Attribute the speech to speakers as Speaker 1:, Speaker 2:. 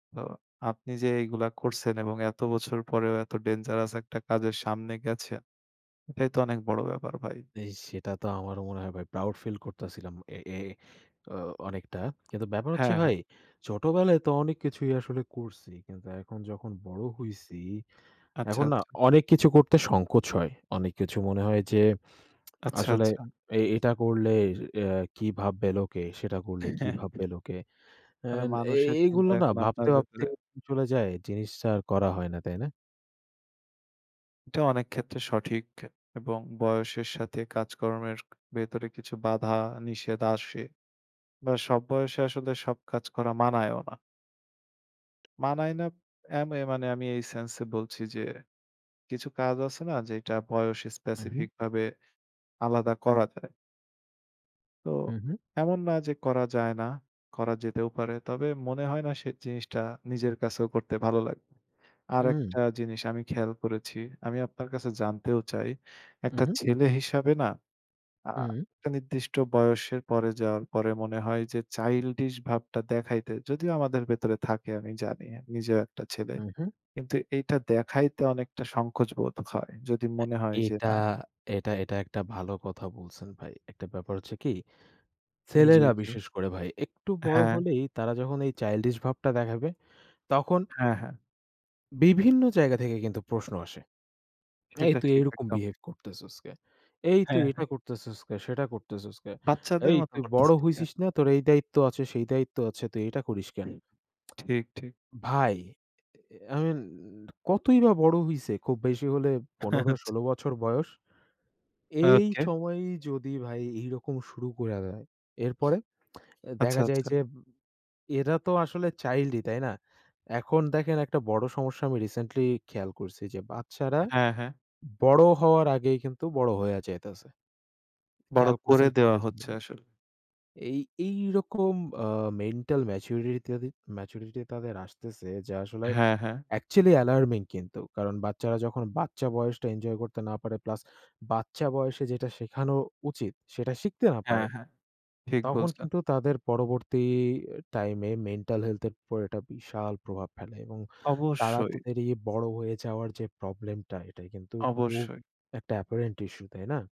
Speaker 1: তো আপনি যে এইগুলা করসেন এবং এত বছর পরেও এত ডেঞ্জারাস একটা কাজের সামনে গেছেন, এটাই তো অনেক বড় ব্যাপার ভাই।
Speaker 2: এ সেটা তো আমারও মনে হয় ভাই। প্রাউড ফিল করতাসিলাম, এ এ তো অনেকটা। কিন্তু ব্যাপার হচ্ছে
Speaker 1: হ্যাঁ, হ্যাঁ।
Speaker 2: ভাই, ছোটবেলায় তো অনেক কিছুই আসলে করসি, কিন্তু এখন যখন বড়
Speaker 1: হুম।
Speaker 2: হইসি,
Speaker 1: আচ্ছা,
Speaker 2: এখন না
Speaker 1: আচ্ছা।
Speaker 2: অনেক কিছু করতে সংকোচ হয়। অনেক কিছু মনে হয় যে,
Speaker 1: আচ্ছা,
Speaker 2: আসলে
Speaker 1: আচ্ছা।
Speaker 2: এ এটা করলে এ কি ভাববে লোকে, সেটা করলে কি
Speaker 1: হ্যাঁ।
Speaker 2: ভাববে লোকে।
Speaker 1: মানে
Speaker 2: অ্যান এ
Speaker 1: মানুষের
Speaker 2: এইগুলো
Speaker 1: চিন্তা
Speaker 2: না
Speaker 1: এখন
Speaker 2: ভাবতে,
Speaker 1: আপনার
Speaker 2: ভাবতেই
Speaker 1: ভেতরে।
Speaker 2: [unintelligible] চলে যায় জিনিসটা আর করা হয় না, তাই না?
Speaker 1: এটা অনেক ক্ষেত্রে সঠিক এবং বয়সের সাথে কাজকর্মের ভেতরে কিছু বাধা নিষেধ আসে বা সব বয়সে আসলে সব কাজ করা মানায়ও না। মানায় না এ মানে আমি এই সেন্স এ বলছি যে, কিছু কাজ আছে না যে এটা বয়স
Speaker 2: হুম, হুম।
Speaker 1: স্পেসিফিক ভাবে আলাদা করা যায়। তো
Speaker 2: হুম, হুম।
Speaker 1: এমন না যে করা যায় না। করা যেতেও পারে। তবে মনে হয় না সে জিনিসটা নিজের কাছেও করতে ভালো লাগবে।
Speaker 2: হুম।
Speaker 1: আরেকটা জিনিস আমি খেয়াল করেছি। আমি আপনার কাছে জানতেও চাই
Speaker 2: হুম,
Speaker 1: একটা
Speaker 2: হুম।
Speaker 1: ছেলে হিসাবে না আ
Speaker 2: হুম।
Speaker 1: একটা নির্দিষ্ট বয়সের পরে যাওয়ার পরে মনে হয় যে, চাইল্ডিশ ভাবটা দেখাইতে যদিও আমাদের ভেতরে থাকে আমি জানি নিজেও একটা ছেলে।
Speaker 2: উ হুম।
Speaker 1: কিন্তু এইটা দেখাইতে অনেকটা সংকোচ বোধ হয়। যদি
Speaker 2: এ
Speaker 1: মনে হয় যে
Speaker 2: এটা,
Speaker 1: না
Speaker 2: এটা এটা, একটা ভালো কথা বলসেন ভাই। একটা ব্যাপার হচ্ছে কি,
Speaker 1: উম জি,
Speaker 2: ছেলেরা
Speaker 1: জি।
Speaker 2: বিশেষ করে ভাই একটু বড়
Speaker 1: হ্যাঁ।
Speaker 2: হলেই, তারা যখন এই চাইল্ডিশ ভাবটা দেখাবে তখন
Speaker 1: হ্যাঁ, হ্যাঁ।
Speaker 2: বিভিন্ন জায়গা থেকে কিন্তু প্রশ্ন আসে। "এই
Speaker 1: সেটা
Speaker 2: তুই
Speaker 1: ঠিক
Speaker 2: এরকম
Speaker 1: একদম।
Speaker 2: বিহেভ করতেছস কেন? এই তুই
Speaker 1: হ্যাঁ, হ্যাঁ।
Speaker 2: এটা করতেছস কে সেটা করতেছস কেন?
Speaker 1: বাচ্চাদের
Speaker 2: এই
Speaker 1: মত
Speaker 2: তুই বড়
Speaker 1: করতেছিস কেন?
Speaker 2: হইছিস না? তোর এই দায়িত্ব আছে, সেই দায়িত্ব আছে। তুই এটা করিস কেন?"
Speaker 1: ঠিক, ঠিক।
Speaker 2: ভাই আ আ আ আমি কতই বা বড়ো হইসে খুব বেশি হলে পনের-
Speaker 1: আচ্ছা।
Speaker 2: ষোল বছর বয়স। এই
Speaker 1: ওকে।
Speaker 2: সময় যদি ভাই এইরকম শুরু কইরা দেয়। এরপরে
Speaker 1: আচ্ছা,
Speaker 2: দেখা যায়
Speaker 1: আচ্ছা।
Speaker 2: যে এরা তো আসলে চাইল্ডই তাই না? এখন দেখেন একটা বড় সমস্যা আমি রিসেন্টলি খেয়াল করসি যে, বাচ্চারা
Speaker 1: হ্যাঁ, হ্যাঁ।
Speaker 2: বড় হওয়ার আগেই কিন্তু বড় হয়ে যাইতেসে।
Speaker 1: বড়
Speaker 2: খেয়াল
Speaker 1: করে
Speaker 2: করসেন
Speaker 1: দেওয়া
Speaker 2: কিনা জানি
Speaker 1: হচ্ছে
Speaker 2: না।
Speaker 1: আসলে।
Speaker 2: এই এই রকম আ মেন্টাল ম্যাচুরিটি তাদে ম্যাচুরিটি তাদের আসতেসে যে আসলে
Speaker 1: হ্যাঁ, হ্যাঁ।
Speaker 2: অ্যাকচুয়ালি অ্যালার্মিং কিন্তু কারণ বাচ্চারা যখন বাচ্চা বয়সটা এনজয় করতে না পারে, প্লাস বাচ্চা বয়সে যেটা শেখানো উচিত, সেটা শিখতে না
Speaker 1: হ্যাঁ,
Speaker 2: পারে।
Speaker 1: হ্যাঁ ঠিক
Speaker 2: তখন
Speaker 1: বলছো।
Speaker 2: কিন্তু তাদের পরবর্তী এ টাইমে, মেন্টাল হেলথ এর উপরে একটা বিশাল প্রভাব ফেলে এবং তারা তো
Speaker 1: অবশ্যই।
Speaker 2: বাইরে বড় হয়ে যাওয়ার যে প্রবলেম টা, এটাই কিন্তু খুব
Speaker 1: অবশ্যই।
Speaker 2: একটা অ্যাপারেন্ট ইশ্যু, তাই না?